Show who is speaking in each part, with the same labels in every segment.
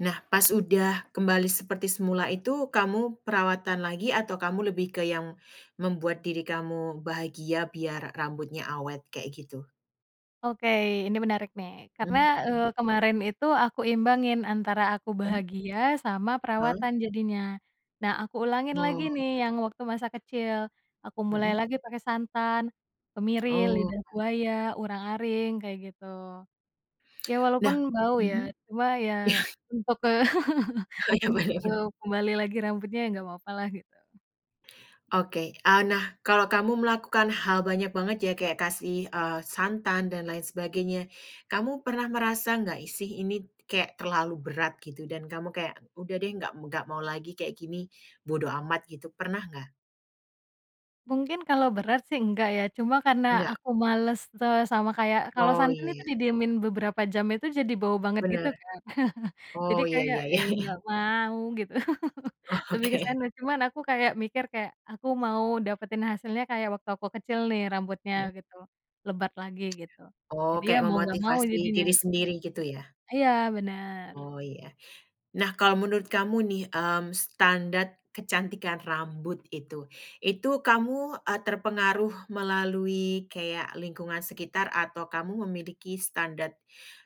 Speaker 1: Nah pas udah kembali seperti semula itu kamu perawatan lagi atau kamu lebih ke yang, membuat diri kamu bahagia biar rambutnya awet kayak gitu?
Speaker 2: Oke ini menarik nih karena,
Speaker 1: Mhm
Speaker 2: eee,
Speaker 1: mhm.
Speaker 2: kemarin itu aku imbangin antara aku
Speaker 1: Mmm.
Speaker 2: bahagia sama
Speaker 1: Heeh.
Speaker 2: perawatan jadinya, nah aku ulangin lagi
Speaker 1: Oh.
Speaker 2: nih yang waktu masa kecil, aku mulai
Speaker 1: Mhm.
Speaker 2: lagi pakai santan, kemiri,
Speaker 1: Oh.
Speaker 2: lidah buaya, urang-aring kayak gitu. Ya walaupun
Speaker 1: Nah,
Speaker 2: bau ya
Speaker 1: mhm,
Speaker 2: cuma ya untuk ke
Speaker 1: Oh iya
Speaker 2: untuk
Speaker 1: bener bener.
Speaker 2: kembali lagi rambutnya ya nggak papa lah gitu.
Speaker 1: Oke, eee, nah kalau kamu melakukan hal banyak banget ya kayak kasih, eee, santan dan lain sebagainya, kamu pernah merasa nggak sih ini kayak terlalu berat gitu dan kamu kayak udah deh nggak m nggak mau lagi kayak gini, bodo amat gitu pernah nggak?
Speaker 2: Mungkin kalau berat sih enggak ya cuma karena
Speaker 1: Nggak.
Speaker 2: aku males te sama kayak kalau
Speaker 1: Oh
Speaker 2: santan itu
Speaker 1: iya.
Speaker 2: didiemin beberapa jam itu jadi bau banget gitu
Speaker 1: Bener.
Speaker 2: kan jadi
Speaker 1: Oh ya
Speaker 2: kayak,
Speaker 1: ya ya
Speaker 2: "Ih,
Speaker 1: ya.
Speaker 2: nggak mau," gitu lebih ke
Speaker 1: Oke.
Speaker 2: sana cuman aku kayak mikir kayak aku mau dapetin hasilnya kayak waktu aku kecil nih rambutnya
Speaker 1: Mhm.
Speaker 2: gitu, lebat lagi gitu,
Speaker 1: Oh
Speaker 2: jadi ya
Speaker 1: kayak
Speaker 2: mau nggak mau
Speaker 1: memotivasi
Speaker 2: jadinya
Speaker 1: diri
Speaker 2: gitu,
Speaker 1: sendiri gitu ya?
Speaker 2: iya bener.
Speaker 1: Oh ya, nah kalau menurut kamu nih, mmm, standard kecantikan rambut itu itu kamu, eee, terpengaruh melalui kayak lingkungan sekitar atau kamu memiliki standard,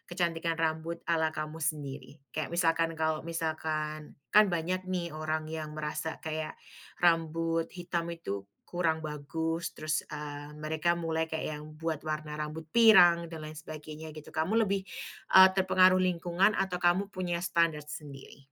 Speaker 1: kecantikan rambut ala kamu sendiri? Kayak misalkan kalau misalkan, kan banyak nih orang yang merasa kayak, rambut hitam itu kurang bagus terus, eee, mereka mulai kayak yang buat warna rambut pirang dan lain sebagainya gitu kamu lebih, eee, terpengaruh lingkungan atau kamu punya standard sendiri?